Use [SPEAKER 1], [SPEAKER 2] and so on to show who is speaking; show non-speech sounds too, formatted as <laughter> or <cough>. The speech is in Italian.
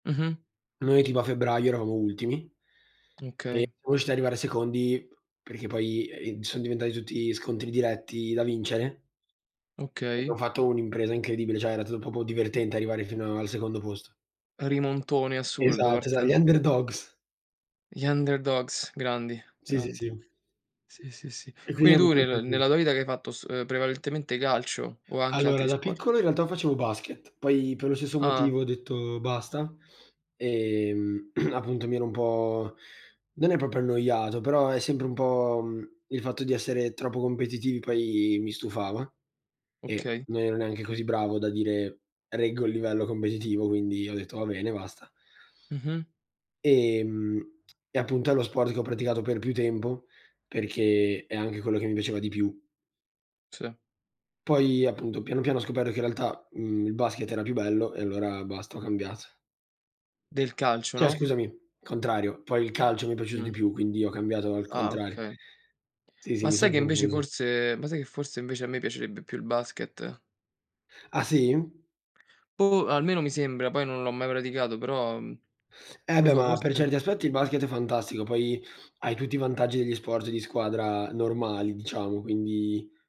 [SPEAKER 1] Mh-mh.
[SPEAKER 2] Noi tipo a febbraio eravamo ultimi, e
[SPEAKER 1] Mh, okay.
[SPEAKER 2] siamo riusciti a arrivare secondi, perché poi, ehm, son diventati tutti scontri diretti da vincere. Abbiamo
[SPEAKER 1] Okay.
[SPEAKER 2] fatto un'impresa incredibile, cioè era tu proprio divertente arrivare fino al secondo posto.
[SPEAKER 1] Rimontone assurdo
[SPEAKER 2] Esatto, esa gli
[SPEAKER 1] parten
[SPEAKER 2] Underdogs.
[SPEAKER 1] Gli Underdogs, grandi
[SPEAKER 2] Sì, sì, sì.
[SPEAKER 1] grandi.
[SPEAKER 2] E
[SPEAKER 1] Sì, sì, sì.
[SPEAKER 2] quindi
[SPEAKER 1] Quindi
[SPEAKER 2] erano
[SPEAKER 1] tu
[SPEAKER 2] pochi
[SPEAKER 1] nel
[SPEAKER 2] pure.
[SPEAKER 1] nella tua vita che hai fatto s ehm, prevalentemente calcio, o anche
[SPEAKER 2] Allora
[SPEAKER 1] altri
[SPEAKER 2] da
[SPEAKER 1] sport?
[SPEAKER 2] piccolo in realtà facevo basket, poi per lo stesso
[SPEAKER 1] Ah!
[SPEAKER 2] motivo ho detto: "Basta", ehm, <clears throat> appunto mi ero un po' non è proprio annoiato, però è sempre un po', uhm, il fatto di essere troppo competitivi poi mi stufava e
[SPEAKER 1] Okay.
[SPEAKER 2] non ero neanche così bravo da dire: "Reggo il livello competitivo", quindi ho detto: "Va bene, basta".
[SPEAKER 1] Mh-mh.
[SPEAKER 2] Ehm, e appunto è lo sport che ho praticato per più tempo, perché è anche quello che mi piaceva di più.
[SPEAKER 1] Sì.
[SPEAKER 2] Poi appunto piano piano, ho scoperto che in realtà, uhm, il basket era più bello e allora basta, ho cambiat
[SPEAKER 1] Del calcio,
[SPEAKER 2] Cioè
[SPEAKER 1] no?
[SPEAKER 2] scusami, contrario, poi il calcio mi è piaciuto di
[SPEAKER 1] Mh.
[SPEAKER 2] più, quindi ho cambiato al
[SPEAKER 1] Ah,
[SPEAKER 2] contrario.
[SPEAKER 1] okay.
[SPEAKER 2] Sì, sì,
[SPEAKER 1] Ma
[SPEAKER 2] mi son
[SPEAKER 1] sai che invece
[SPEAKER 2] confuso.
[SPEAKER 1] forse ma sai che forse invece a me piacerebbe più il basket?
[SPEAKER 2] Ah sì?
[SPEAKER 1] Boh, almeno mi sembra, poi non l'ho mai praticato, però uhm
[SPEAKER 2] Eh
[SPEAKER 1] non lo
[SPEAKER 2] beh,
[SPEAKER 1] so,
[SPEAKER 2] ma per
[SPEAKER 1] forse
[SPEAKER 2] certi aspetti il basket è fantastico, poi hai tutti i vantaggi degli sport di squadra normali diciamo, quindi